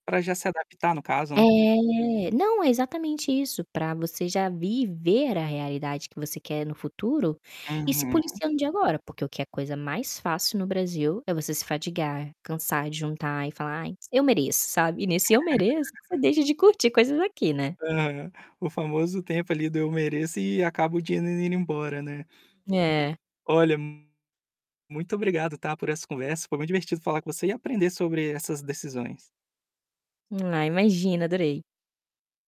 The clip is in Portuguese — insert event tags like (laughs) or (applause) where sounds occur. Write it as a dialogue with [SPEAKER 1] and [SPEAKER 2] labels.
[SPEAKER 1] Para já se adaptar no caso, né.
[SPEAKER 2] É. não, é exatamente isso, para você já viver a realidade que você quer no futuro, e ir se
[SPEAKER 1] Uhum.
[SPEAKER 2] policiando desde agora porque o que é coisa mais fácil no Brasil é você se fatigar, cansar de juntar e falar: "Ai, eu mereço", sabe? E nesse eu mereço,
[SPEAKER 1] (laughs)
[SPEAKER 2] deixa de curtir coisas aqui, né.
[SPEAKER 1] Aham, o famoso tempo ali do eu mereço e acabo o dinheiro indo embora, né.
[SPEAKER 2] É.
[SPEAKER 1] Olha, muito obrigado está por essa conversa, foi muito divertido falar com você e aprender sobre essas decisões.
[SPEAKER 2] Ah, imagina adorei.